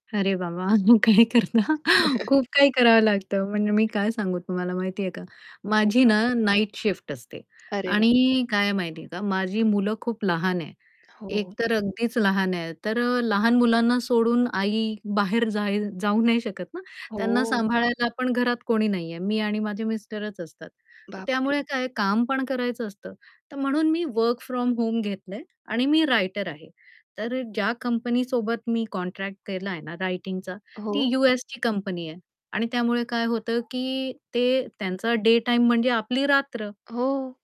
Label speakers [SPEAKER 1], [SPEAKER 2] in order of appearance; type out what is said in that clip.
[SPEAKER 1] अरे बाबा काय करणार खूप काही करावं लागत, म्हणजे मी काय सांगू तुम्हाला माहिती आहे का,
[SPEAKER 2] हो
[SPEAKER 1] माझी
[SPEAKER 2] का?
[SPEAKER 1] ना, नाईट शिफ्ट असते
[SPEAKER 2] अरे वाह!
[SPEAKER 1] आणि काय आहे माहिती आहे का, माझी मुलं खूप लहान आहेत एक
[SPEAKER 2] हो.
[SPEAKER 1] तर अगदीच लहान आहे तर अ, लहान मुलांना सोडून आई बाहेर जाईल जाऊ नाही शकत ना, त्यांना
[SPEAKER 2] हो.
[SPEAKER 1] सांभाळायला आपण घरात कोणी नाहीये, मी आणि माझे मिस्टरच असतात. तर
[SPEAKER 2] बाप रे!
[SPEAKER 1] त्यामुळे काय काम पण करायचं असतं तर म्हणून मी वर्क फ्रॉम होम घेतलंय आणि मी रायटर आहे. तर ज्या कंपनी सोबत मी कॉन्ट्रॅक्ट केलाय ना, रायटिंगचा ती
[SPEAKER 2] हो.
[SPEAKER 1] यू-एसची कंपनी आहे आणि त्यामुळे काय होतं की ते त्यांचा डे टाईम म्हणजे आपली रात्र.
[SPEAKER 2] हो.